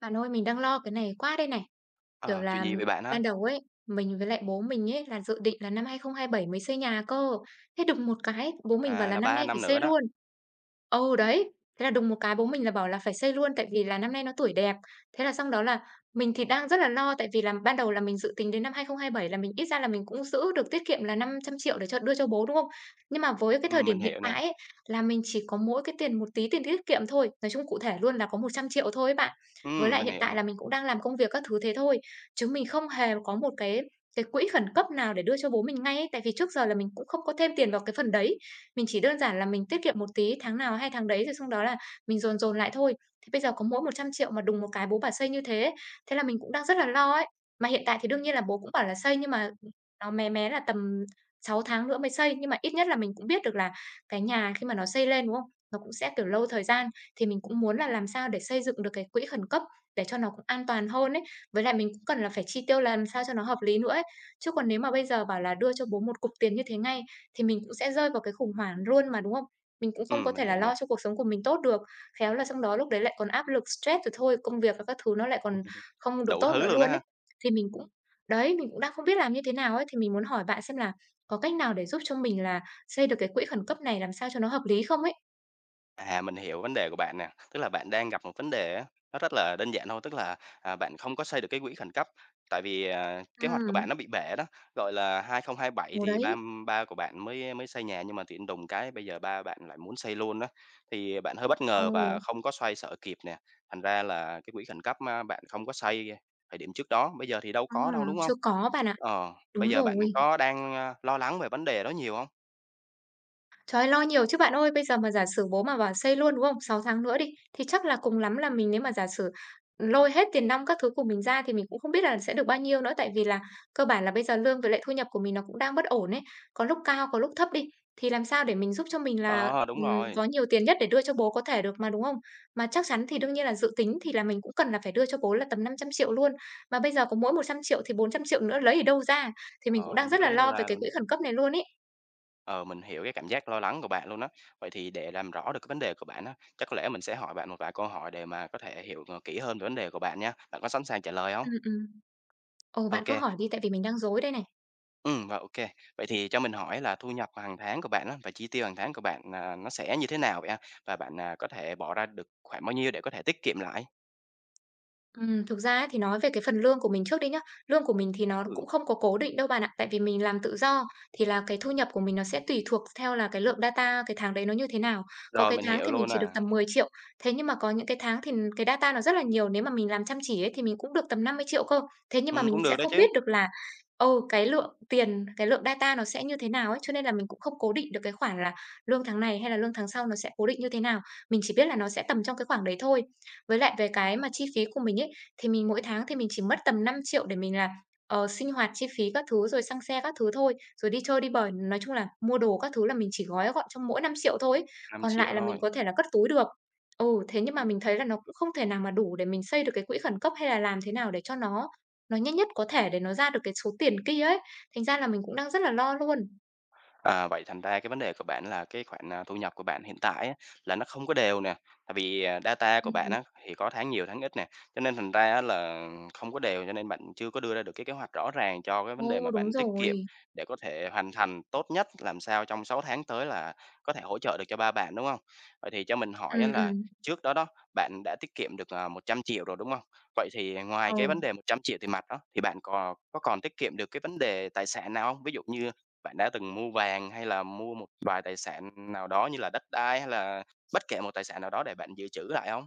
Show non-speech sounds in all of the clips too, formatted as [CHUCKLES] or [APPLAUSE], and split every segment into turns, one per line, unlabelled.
Bạn ơi, mình đang lo cái này quá đây này! Kiểu
À! Chuyện
là
gì vậy bạn a?
ban đầu ấy, mình với lại bố mình ấy là dự định là năm 2027 mới xây nhà cơ, thế đùng một cái bố mình bảo
À,
là
là
năm nay
3
phải
năm nữa
xây
đó.
luôn. Ờ, đấy. Thế là đùng một cái bố mình là bảo là phải xây luôn tại vì là năm nay nó tuổi đẹp. Thế là xong đó là mình thì đang rất là lo tại vì là ban đầu là mình dự tính đến năm 2027 là mình ít ra là mình cũng giữ được tiết kiệm là 500.000.000 để cho đưa cho bố, đúng không? Nhưng mà với cái thời
Ừm,
điểm
mình
hiện
hiểu nè.
tại ấy, là mình chỉ có mỗi cái tiền một tí tiền tiết kiệm thôi, nói chung cụ thể luôn là có 100.000.000 thôi ấy bạn. Với
Ừm,
lại
mình
hiện
hiểu
tại
nè.
là mình cũng đang làm công việc các thứ thế thôi, chứ mình không hề có một cái cái quỹ khẩn cấp nào để đưa cho bố mình ngay ấy, tại vì trước giờ là mình cũng không có thêm tiền vào cái phần đấy, mình chỉ đơn giản là mình tiết kiệm một tí tháng nào hay tháng đấy, rồi xong đó là mình dồn dồn lại thôi. Thì bây giờ có mỗi 100.000.000 mà đùng một cái bố bảo xây như thế, thế là mình cũng đang rất là lo ấy! Mà hiện tại thì đương nhiên là bố cũng bảo là xây nhưng mà, ừm, nó mé mé là tầm 6 tháng nữa mới xây, nhưng mà ít nhất là mình cũng biết được là cái nhà khi mà nó xây lên, đúng không? Nó cũng sẽ, kiểu, lâu thời gian thì mình cũng muốn là làm sao để xây dựng được cái quỹ khẩn cấp để cho nó cũng an toàn hơn ấy, với lại mình cũng cần là phải chi tiêu làm sao cho nó hợp lý nữa ấy. Chứ còn nếu mà bây giờ bảo là đưa cho bố một cục tiền như thế ngay thì mình cũng sẽ rơi vào cái khủng hoảng luôn mà, đúng không? Mình cũng không có
Ừm,
thể
mình
là
hiểu nè.
lo cho cuộc sống của mình tốt được, khéo là xong đó lúc đấy lại còn áp lực stress rồi thôi, công việc và các thứ nó lại còn
[CHUCKLES]
không được
Đủ
tốt
thứ
nữa
luôn đó
luôn
ha.
ấy. Thì mình cũng đấy, mình cũng đang không biết làm như thế nào ấy, thì mình muốn hỏi bạn xem là có cách nào để giúp cho mình là xây được cái quỹ khẩn cấp này làm sao cho nó hợp lý không ấy?
À, mình hiểu vấn đề của bạn nè. Tức là bạn đang gặp một vấn đề á, nó rất là đơn giản thôi, tức là, à, bạn không có xây được cái quỹ khẩn cấp, tại vì, ờ, kế hoạch của bạn
Ừm.
nó bị bể đó, gọi là, 2027
Ờ,
thì ba,
đấy.
ưm, ba của bạn mới mới xây nhà, nhưng mà tự nhiên đùng cái bây giờ ba bạn lại muốn xây luôn á, thì bạn hơi bất ngờ và
Ừ.
không có xoay xở kịp nè. Thành ra là cái quỹ khẩn cấp ma bạn không có xây thời điểm trước đó, bây giờ thì đâu có
Ừm,
đâu, đúng hông?
chưa có bạn ạ.
Ờ, bây
Đúng
giờ
rồi.
bạn có đang, ơ, lo lắng về vấn đề đó nhiều hông?
Trời ơi, lo nhiều chứ bạn ơi! Bây giờ mà giả sử bố mà bảo xây luôn, đúng không? 6 tháng nữa đi, thì chắc là cùng lắm là mình nếu mà giả sử, ừm, lôi hết tiền nong các thứ của mình ra thì mình cũng không biết là sẽ được bao nhiêu nữa. Tại vì là cơ bản là bây giờ lương với lại thu nhập của mình nó cũng đang bất ổn ấy, có lúc cao, có lúc thấp đi, thì làm sao để mình giúp cho mình là,
Ờ, đúng
ừm,
rồi.
có nhiều tiền nhất để đưa cho bố có thể được mà, đúng không? Mà chắc chắn thì đương nhiên là dự tính thì là mình cũng cần là phải đưa cho bố là tầm 500.000.000 luôn, mà bây giờ có mỗi 100.000.000 thì 400.000.000 nữa lấy ở đâu ra, thì mình cũng
Ờ,
đang
hông
rất
biết
là
lấy đâu
lo về
ra
cái
luôn
quỹ
á.
khẩn cấp này luôn ấy!
Ờ, mình hiểu cái cảm giác lo lắng của bạn luôn á. Vậy thì để làm rõ được cái vấn đề của bạn á, chắc có lẽ mình sẽ hỏi bạn một vài câu hỏi để mà có thể hiểu, à, kỹ hơn về vấn đề của bạn nha, bạn có sẵn sàng trả lời hông?
Ừm, ừm. Ờ, bạn cứ
OK.
hỏi đi, tại vì mình đang rối đây này!
Ừm, và OK. Vậy thì cho mình hỏi là thu nhập hàng tháng của bạn á, và chi tiêu hàng tháng của bạn, ờ, nó sẽ như thế nào vậy ha? Và bạn, à, có thể bỏ ra được khoảng bao nhiêu để có thể tiết kiệm lại?
Ừm, thực ra ấy thì nói về cái phần lương của mình trước đi nhá, lương của mình thì nó
Ừm.
cũng không có cố định đâu bạn ạ, tại vì mình làm tự do, thì là cái thu nhập của mình nó sẽ tùy thuộc th theo là cái lượng data cái tháng đấy nó như thế nào. Có
Rồi,
cái
mình
tháng
hiểu
thì mình
luôn
chỉ được
à.
tầm 10.000.000 thế nhưng mà có những cái tháng thì, ừm, cái data nó rất là nhiều, nếu mà mình làm chăm chỉ ấy thì mình cũng được tầm 50.000.000 cơ. Thế nhưng mà
Ừm,
mình
cũng được
sẽ
đó
không
chứ.
biết được là, ừ, cái lượng tiền, cái lượng data nó sẽ như thế nào ấy, cho nên là mình cũng không cố định được cái khoản là lương tháng này hay là lương tháng sau nó sẽ cố định như thế nào, mình chỉ biết là nó sẽ tầm trong cái khoảng đấy thôi. Với lại về cái mà chi phí của mình ấy, thì mình mỗi tháng thì mình chỉ mất tầm 5.000.000 để mình là, ờ, sinh hoạt chi phí các thứ rồi xăng xe các thứ thôi, rồi đi chơi đi bời, nói chung là mua đồ các thứ là mình chỉ gói gọn trong mỗi 5.000.000 thôi ấy,
năm
còn
triệu
lại là mình
thôi.
có thể là cất túi được. Ừ, thế nhưng mà mình thấy là nó cũng không thể nào mà đủ để mình xây được cái quỹ khẩn cấp, hay là làm thế nào để cho nó nó nhanh nhất có thể để nó ra được cái số tiền kia ấy, thành ra là mình cũng đang rất là lo luôn!
À, vậy thành ra cái vấn đề của bạn là cái khoản, à, thu nhập của bạn hiện tại á, là nó không có đều nè, tại vì, à, data của
Ừm
bạn
hứm.
á, thì có tháng nhiều tháng ít nè, cho nên thành ra á là không có đều, cho nên bạn chưa có đưa ra được cái kế hoạch rõ ràng cho cái vấn đề
Ô,
mà
đúng
bạn tiết kiệm
rồi!
để có thể hoàn thành tốt nhất, làm sao trong 6 tháng tới là có thể hỗ trợ được cho ba bạn, đúng hông? Vậy thì cho mình hỏi á
Ừm,
là
ừm.
trước đó đó, bạn đã tiết kiệm được, à, 100.000.000 rồi, đúng hông? Vậy thì, à,
Ờ.
ngoài cái vấn đề 100.000.000 tiền mặt đó, thì bạn cò có còn tiết kiệm được cái vấn đề tài sản nào hông? Ví dụ như bạn đã từng mua vàng, hay là mua một vài tài sản nào đó như là đất đai hay là bất kể một tài sản nào đó để bạn dự trữ lại hông?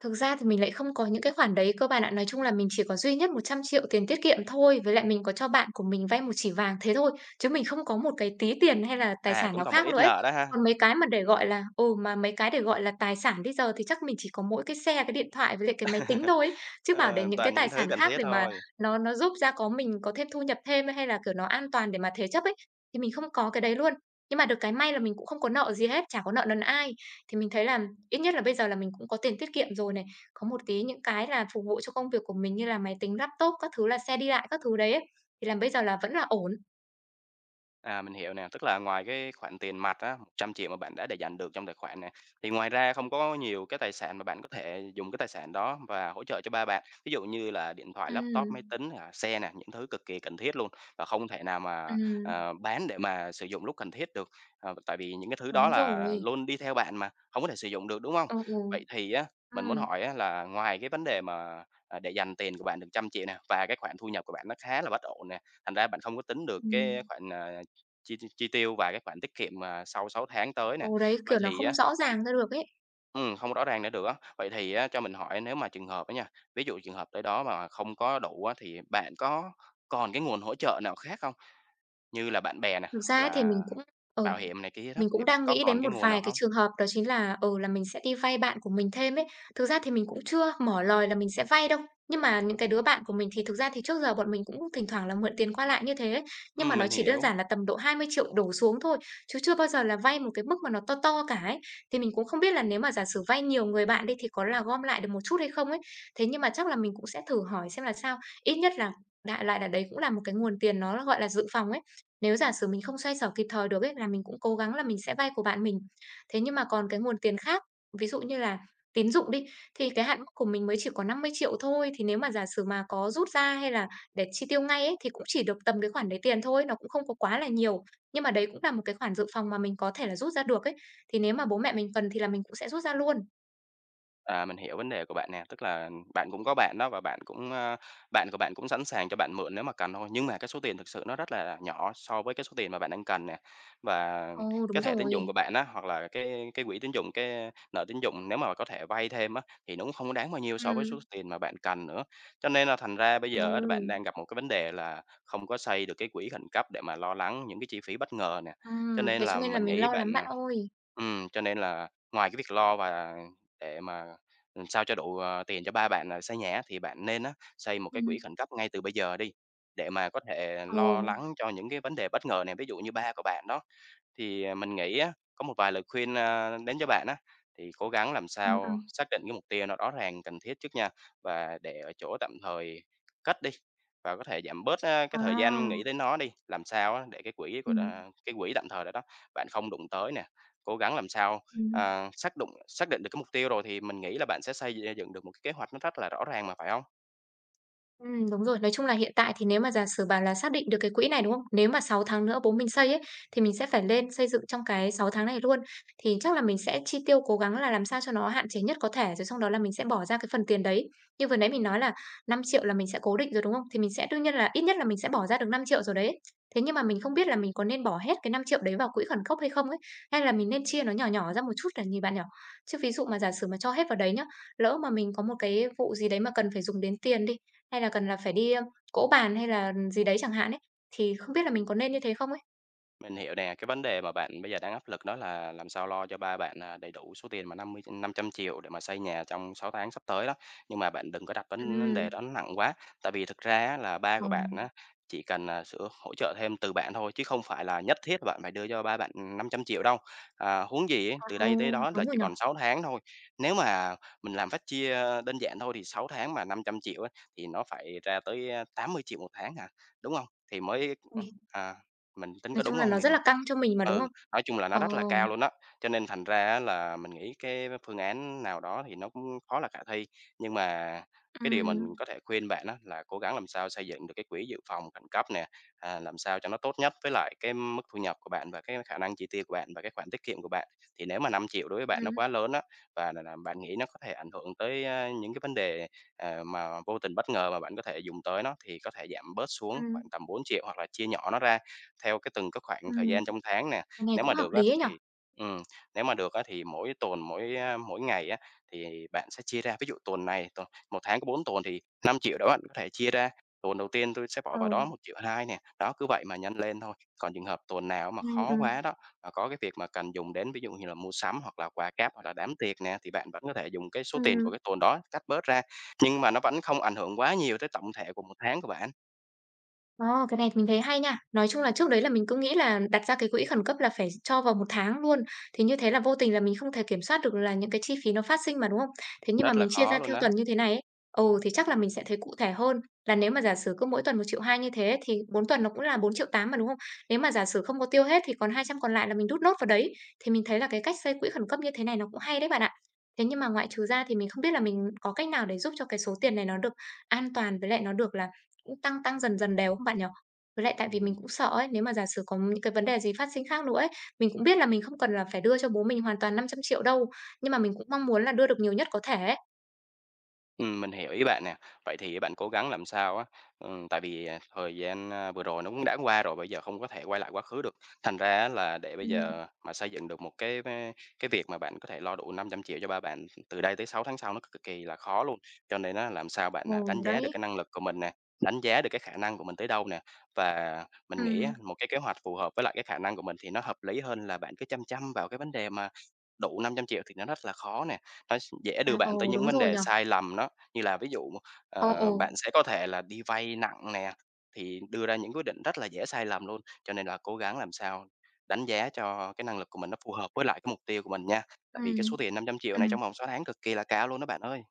Thực ra thì mình lại không có những cái khoản đấy cơ bạn ạ. Nói chung là mình chỉ có duy nhất 100.000.000 tiền tiết kiệm thôi, với lại mình có cho bạn của mình vay 1 chỉ vàng thế thôi, chứ mình không có một cái tí tiền hay là tài
À,
sản
cũng
nào
còn một
khác nữa
ít
ấy.
nợ đó ha.
Còn mấy cái mà để, gọi là ừ, mà mấy cái để gọi là tài sản bây giờ thì chắc mình chỉ có mỗi cái xe, cái điện thoại với lại cái máy tính thôi ấy,
[CHUCKLES]
chứ bảo để
Ờ,
những cái
toàn
tài
những thứ
sản
cần
khác
thiết
mà
thôi.
nó nó giúp ra có mình có thêm thu nhập thêm hay là, kiểu, nó an toàn để mà thế chấp ấy, thì mình không có cái đấy luôn. Nhưng mà được cái may là mình cũng không có nợ gì hết, chả có nợ nần ai. Thì mình thấy là ít nhất là bây giờ là mình cũng có tiền tiết kiệm rồi này, có một tí những cái là phục vụ cho công việc của mình như là máy tính laptop, các thứ là xe đi lại các thứ đấy ấy, thì là bây giờ là vẫn là ổn.
À, mình hiểu nè, tức là ngoài cái khoản tiền mặt á, 100.000.000 mà bạn đã để dành được trong tài khoản nè. Thì ngoài ra không có nhiều cái tài sản mà bạn có thể dùng cái tài sản đó và hỗ trợ cho ba bạn, ví dụ như là điện thoại, laptop, máy
Ừm.
tính, à, xe nè, những thứ cực kỳ cần thiết luôn, và không thể nào mà,
Ừm.
à, bán để mà sử dụng lúc cần thiết được, ờ, tại vì những cái thứ đó
Đúng
là
rồi.
luôn đi theo bạn mà, hổng có thể sử dụng được, đúng hông?
Ừ, ừ.
Vậy thì á, mình muốn
Ừm.
hỏi á là ngoài cái vấn đề mà, à, để dành tiền của bạn được 100.000.000 nè, và cái khoản thu nhập của bạn nó khá là bất ổn nè, thành ra bạn không có tính được cái
Ừm.
khoản, à, chi chi tiêu và cái khoản tiết kiệm, à, sau 6 tháng tới
Ờ,
nè.
đấy,
Vậy
kiểu, nó
thì
không
á
rõ ràng ra được ấy.
ừm, hông rõ ràng nữa được á. Vậy thì á cho mình hỏi nếu mà trường hợp á nha, ví dụ trường hợp tới đó mà không có đủ á, thì bạn có còn cái nguồn hỗ trợ nào khác hông? Như là bạn bè nè,
Thực
hoặc
ra ấy thì
là
mình cũng ừ,
bảo hiểm này kia đó,
mình
thì
cũng
bạn
đang
có
nghĩ
còn
đến
cái
một
nguồn nào
vài cái
hông?
trường hợp đó chính là, ừ, là mình sẽ đi vay bạn của mình thêm ấy. Thực ra thì mình cũng chưa mở lời là mình sẽ vay đâu, nhưng mà những cái đứa bạn của mình thì thực ra thì trước giờ bọn mình cũng có thỉnh thoảng là mượn tiền qua lại như thế. Nhưng mà
Ừm,
nó
mình
chỉ đơn
hiểu.
giản là tầm độ 20.000.000 đổ xuống thôi, chứ chưa bao giờ là vay một cái mức mà nó to to cả ấy. Thì mình cũng không biết là nếu mà giả sử vay nhiều người bạn đi thì có là gom lại được một chút hay không ấy? Thế nhưng mà chắc là mình cũng sẽ thử hỏi xem là sao, ít nhất là đại loại là đấy cũng là một cái nguồn tiền nó gọi là dự phòng ấy. Nếu giả sử mình không xoay sở kịp thời được ấy, là mình cũng cố gắng là mình sẽ vay của bạn mình. Thế nhưng mà còn cái nguồn tiền khác, ví dụ như là tín dụng đi, thì cái hạn mức của mình mới chỉ có 50.000.000 thôi, thì nếu mà giả sử mà có rút ra hay là để chi tiêu ngay ấy, thì cũng chỉ được tầm cái khoản đấy tiền thôi, nó cũng không có quá là nhiều, nhưng mà đấy cũng là một cái khoản dự phòng mà mình có thể là rút ra được ấy. Thì nếu mà bố mẹ mình cần thì là mình cũng sẽ rút ra luôn.
À, mình hiểu vấn đề của bạn nè. Tức là bạn cũng có bạn đó và bạn cũng, a bạn của bạn cũng sẵn sàng cho bạn mượn nếu mà cần thôi, nhưng mà cái số tiền thực sự nó rất là, à, nhỏ so với cái số tiền mà bạn đang cần nè. Và
Ồ, đúng
cái thẻ tín dụng
rồi.
của bạn á, hoặc là cái cái quỹ tín dụng, cái, a, nợ tín dụng nếu mà bạn có thể vay thêm á, thì nó cũng hông có đáng bao nhiêu so với số
Ừm.
tiền mà bạn cần nữa. Cho nên là thành ra bây giờ á bạn
Ồ.
đang gặp một cái vấn đề là không có xoay được cái quỹ khẩn cấp để mà lo lắng những cái chi phí bất ngờ nè. Cho
Ừm,
nên
thế
là
cho nên là
mình
mình
nghĩ
lo
bạn,
lắm bạn
à
ơi.
ừm, cho nên là ngoài cái việc lo và để mà, ừm, sao cho đủ, à, tiền cho ba bạn, à, xây nhà á thì bạn nên á xây một cái quỹ
Ừm.
khẩn cấp ngay từ bây giờ đi, để mà có thể, à, lo
Ừ.
lắng cho những cái vấn đề bất ngờ nè, ví dụ như ba của bạn đó. Thì, à, mình nghĩ á, có một vài lời khuyên, a, đến cho bạn á, thì cố gắng làm
Ừm,
sao
ừm.
xác định cái mục tiêu nó rõ ràng cần thiết trước nha, và để ở chỗ tạm thời cất đi, và có thể giảm bớt, á, cái thời gian nghĩ
À.
đến nó đi, làm sao á để cái quỹ của đà,
Ừm.
a cái quỹ tạm thời đó đó, bạn không đụng tới nè. Cố gắng làm sao,
Ừm.
à, xác đụng xác định được cái mục tiêu rồi thì mình nghĩ là bạn sẽ xây d dựng được một cái kế hoạch nó rất là rõ ràng mà, phải không?
Ừm, đúng rồi. Nói chung là hiện tại thì nếu mà giả sử bảo là xác định được cái quỹ này, đúng không? Nếu mà 6 tháng nữa bố mình xây ấy, thì mình sẽ phải lên xây dựng trong cái 6 tháng này luôn. Thì chắc là mình sẽ chi tiêu cố gắng là làm sao cho nó hạn chế nhất có thể, rồi xong đó là mình sẽ bỏ ra cái phần tiền đấy. Như vừa nãy mình nói là 5 triệu là mình sẽ cố định rồi, đúng không? Thì mình sẽ đương nhiên là ít nhất là mình sẽ bỏ ra được 5 triệu rồi đấy, ấy. Thế nhưng mà mình không biết là mình có nên bỏ hết cái 5 triệu đấy vào quỹ khẩn cấp hay không ấy? Hay là mình nên chia nó nhỏ nhỏ ra một chút để nhìn bạn nhỉ? Chứ ví dụ mà giả sử mà cho hết vào đấy nhớ, lỡ mà mình có một cái vụ gì đấy mà cần phải dùng đến tiền đi, hay là cần là phải đi, a, cỗ bàn hay là, ừm, gì đấy chẳng hạn ấy, thì không biết là mình có nên như thế không ấy?
Mình hiểu nè. Cái vấn đề mà bạn bây giờ đang áp lực đó là làm sao lo cho ba bạn, à, đầy đủ số tiền mà 50, ưm 500.000.000 để mà xây nhà trong 6 tháng sắp tới đó. Nhưng mà bạn đừng có đặt vấn vấn
Ừm.
đề đó nó nặng quá, tại vì thực ra á là ba
Ờ.
của bạn á, chỉ cần, à, sử hỗ trợ thêm từ bạn thôi chứ không phải là nhất thiết bạn phải đưa cho ba bạn, ừm, 500.000.000 đâu. À, huống gì á,
À,
từ
ừ.
đây tới đó là
Đúng rồi
chỉ
nhỉ?
còn 6 tháng thôi. Nếu mà mình làm phép chia, a, đơn giản thôi thì 6 tháng mà 500.000.000 á, thì nó phải ra tới, á, 80.000.000 1 tháng hả, đúng hông? Thì mới ừm,
Ui!
à, mình tính
Nói
có
chung
đúng
là
hông
nó
để
rất
mà
là căng cho mình mà, đúng
ừ,
không?
nói chung là nó rất là cao
Ờm.
luôn á, cho nên thành ra, á, là mình nghĩ cái phương án nào đó thì nó cũng khó là khả thi. Nhưng mà cái điều mà
Ừm.
mình có thể khuyên bạn á, là cố gắng làm sao xây dựng được cái quỹ dự phòng khẩn cấp nè, à, làm sao cho nó tốt nhất với lại cái mức thu nhập của bạn, và cái khả năng chi tiêu của bạn, và cái khoản tiết kiệm của bạn. Thì nếu mà 5.000.000 đối với bạn nó
Ừm.
quá lớn á, và là là bạn nghĩ nó có thể ảnh hưởng tới, á, những cái vấn đề, ờ, mà vô tình bất ngờ mà bạn có thể dùng tới nó thì có thể giảm bớt xuống khoảng
Ừm.
tầm 4.000.000 hoặc là chia nhỏ nó ra, theo cái từng cái khoảng thời
Ừm,
gian trong tháng nè.
nghe
Nếu
cũng
mà
hợp
được á
lý ấy nhỉ!
thì ừm, nếu mà được á thì mỗi tuần, mỗi, á, mỗi ngày, á, thì bạn sẽ chia ra. Ví dụ tuần này tuần, 1 tháng có 4 tuần thì 5.000.000 đó bạn có thể chia ra. Tuần đầu tiên tui sẽ bỏ vào
Ừ.
đó 1.200.000 nè, đó cứ vậy mà nhân lên thôi. Còn trường hợp tuần nào á mà
Ừm,
khó
ừm.
quá đó, mà có cái việc mà cần dùng đến, ví dụ như mà mua sắm hoặc là quà cáp hoặc là đám tiệc nè. Thì bạn vẫn có thể dùng cái số tiền
Ừm.
của cái tuần đó cắt bớt ra. Nhưng mà nó vẫn không ảnh hưởng quá nhiều tới tổng thể của 1 tháng của bạn.
A, cái này thì mình thấy hay nha. Nói chung là trước đấy là mình cứ nghĩ là đặt ra cái quỹ khẩn cấp là phải cho vào 1 tháng luôn. Thì như thế là vô tình là mình không thể kiểm soát được là những cái chi phí nó phát sinh mà, đúng không? Thế nhưng mà
Rất là
mình chia
khó
ra
luôn
theo
á.
tuần như thế này ấy, ừ, thì chắc là mình sẽ thấy cụ thể hơn là nếu mà giả sử cứ mỗi tuần 1.200.000 như thế thì 4 tuần nó cũng là 4.800.000 mà, đúng không? Nếu mà giả sử không có tiêu hết thì còn 200 còn lại là mình đút nốt vào đấy, thì mình thấy là cái cách xây quỹ khẩn cấp như thế này nó cũng hay đấy bạn ạ. Thế nhưng mà ngoại trừ ra thì mình không biết là mình có cách nào để giúp cho cái số tiền này nó được an toàn với lại nó được là cũng tăng tăng dần dần đều không bạn nhỉ? Với lại tại vì mình
Ừm.
cũng sợ ấy, nếu mà giả sử có những cái vấn đề gì phát sinh khác nữa ấy. Mình cũng biết là mình không cần là phải đưa cho bố mình hoàn toàn 500.000.000 đâu, nhưng mà mình cũng mong muốn là đưa được nhiều nhất có thể ấy.
Ừm, mình hiểu ý bạn nè. Vậy thì á bạn cố gắng làm sao á, ừm, tại vì, ờ, thời gian, a, vừa rồi nó cũng đã qua rồi, bây giờ không có thể quay lại quá khứ được. Thành ra á là để bây
Ừm.
giờ, à, mà xây dựng được một cái va cái việc mà bạn có thể lo đủ 500.000.000 cho ba bạn từ đây tới 6 tháng sau nó cực kỳ là khó luôn. Cho nên á làm sao bạn, à, đánh
Ừm,
giá được cái
đấy.
năng lực của mình nè, đánh giá được cái khả năng của mình tới đâu nè. Và mình nghĩ á,
Ừm.
một cái kế hoạch phù hợp với lại cái khả năng của mình thì nó hợp lý hơn là bạn cứ chăm chăm vào cái vấn đề mà đủ 500.000.000 thì nó rất là khó nè. Ơ, s dễ đưa
À, ừ,
bạn tới những
đúng
vấn
rồi
đề
nhỉ?
sai lầm đó, như là ví dụ,
Ờ, ờ.
ờ, bạn sẽ có thể là đi vay nặng nè, thì đưa ra những quyết định rất là dễ sai lầm luôn. Cho nên là cố gắng làm sao đánh giá cho cái năng lực của mình nó phù hợp với lại cái mục tiêu của mình nha, tại vì cái
Ừm.
số tiền 500.000.000 này
Ừm.
trong vòng 6 tháng cực kỳ là cao luôn đó bạn ơi.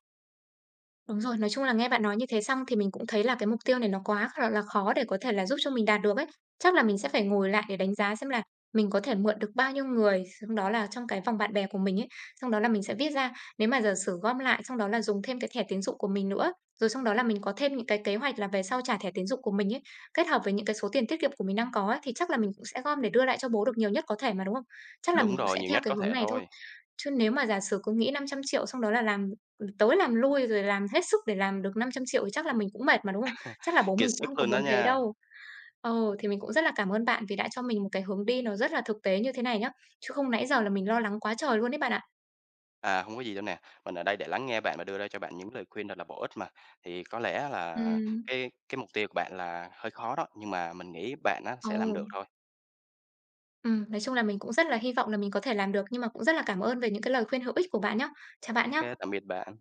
Đúng rồi, nói chung là nghe bạn nói như thế xong thì mình cũng thấy là cái mục tiêu này nó quá kh gọi là khó để có thể là giúp cho mình đạt được ấy. Chắc là mình sẽ phải ngồi lại để đánh giá xem là mình có thể mượn được bao nhiêu người, xong đó là trong cái vòng bạn bè của mình ấy, xong đó là mình sẽ viết ra. Nếu mà giả sử gom lại, xong đó là dùng thêm cái thẻ tín dụng của mình nữa. Rồi xong đó là mình có thêm những cái kế hoạch là về sau trả thẻ tín dụng của mình ấy, kết hợp với những cái số tiền tiết kiệm của mình đang có ấy, thì chắc là mình cũng sẽ gom để đưa lại cho bố được nhiều nhất có thể mà, đúng không? Chắc là mình
Đúng
cũng
rồi,
sẽ
nhiều
theo
nhất
cái
có
hướng
thể
này thôi.
thôi.
Chứ nếu mà giả sử cứ nghĩ 500.000.000 xong đó là làm, ừm, tới làm lui rồi làm hết sức để làm được 500.000.000 thì chắc là mình cũng mệt mà, đúng không? Chắc là
[CHUCKLES]
bố
Kiệt
mình cũng không
sức
có
luôn đó
muốn thế
nha.
đâu. Ừ, thì mình cũng rất là cảm ơn bạn vì đã cho mình một cái hướng đi nó rất là thực tế như thế này nhá, chứ không nãy giờ là mình lo lắng quá trời luôn ấy bạn ạ.
À, hông có gì đâu nè, mình ở đây để lắng nghe bạn và đưa ra cho bạn những lời khuyên thật là bổ ích mà. Thì có lẽ á là
Ừm.
cái cái mục tiêu của bạn là hơi khó đó, nhưng mà mình nghĩ bạn á sẽ làm
Ừ.
được thôi.
Ừm, nói chung là mình cũng rất là hy vọng là mình có thể làm được, nhưng mà cũng rất là cảm ơn về những cái lời khuyên hữu ích của bạn nhá. Chào bạn
Ô kê,
nhá.
tạm biệt bạn.